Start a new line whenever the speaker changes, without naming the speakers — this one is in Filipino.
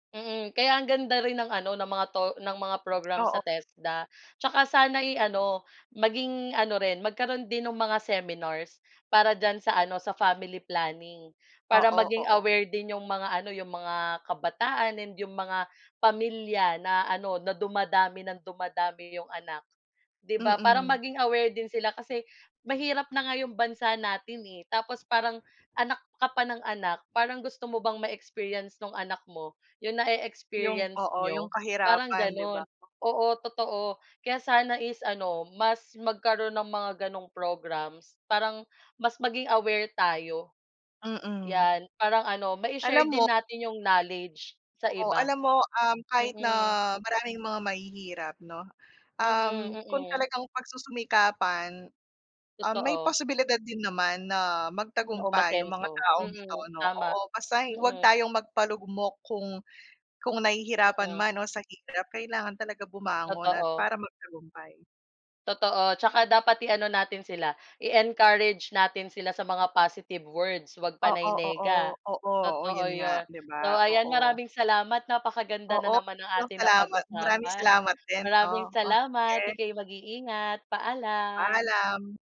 Mm, kaya ang ganda rin ng ano ng mga 'to ng mga program sa
Oo.
TESDA, 'tsaka sana'y ano, maging ano rin magkaroon din ng mga seminars. Para diyan sa ano, sa family planning. Para
Oo,
maging
oo.
aware din 'yong mga ano, 'yong mga kabataan and 'yong mga pamilya na ano, na dumadami nang dumadami 'yong anak, 'di ba? Para
Mm.
maging aware din sila kasi mahirap na nga 'yong bansa natin, eh, tapos parang anak ka pa ng anak. Parang gusto mo bang ma-experience nung anak mo 'yong
Yung
na-e-experience
oo, yung
n'yo? Parang
kahirapan, di
gano'n,
ba?
oo, totoo. Kaya sana is ano, mas magkaroon ng mga ganong programs. Parang mas maging aware tayo.
Mm.
Yan, parang ano
Alam
mai-share
mo
din natin yung knowledge sa
Oo, alam
iba.
mo, um, kahit na
Mm.
maraming mga mahihirap, no,
Mm,
um, kung
mm.
talagang pagsusumikapan, um, may
Totoo.
posibilidad din naman na
Na
magtagumpay yung mga
umasenso.
taong ito,
Mm,
'no,
tama.
oo. Basta'y huwag
Mm.
tayong magpalugmok kung kung nahihirapan
Mm.
man o sa hirap, kailangan talaga bumangon at
Totoo.
para magtagumpay.
Totoo, 'tsaka dapat i-ano natin sila, i-encourage natin sila sa mga positive words. Huwag
Oo,
panay
oo,
nega.
oo, oh
Totoo
'yun nga,
'yon.
'di
So,
ba?
ayan,
Oo.
maraming salamat. Napakaganda na
Oo,
naman ng
'yun
ating
salamat, maraming
napag-usapan.
salamat din,
Maraming
'no. Oh,
salamat,
sige.
ika'y mag-iingat, paalam.
Paalam.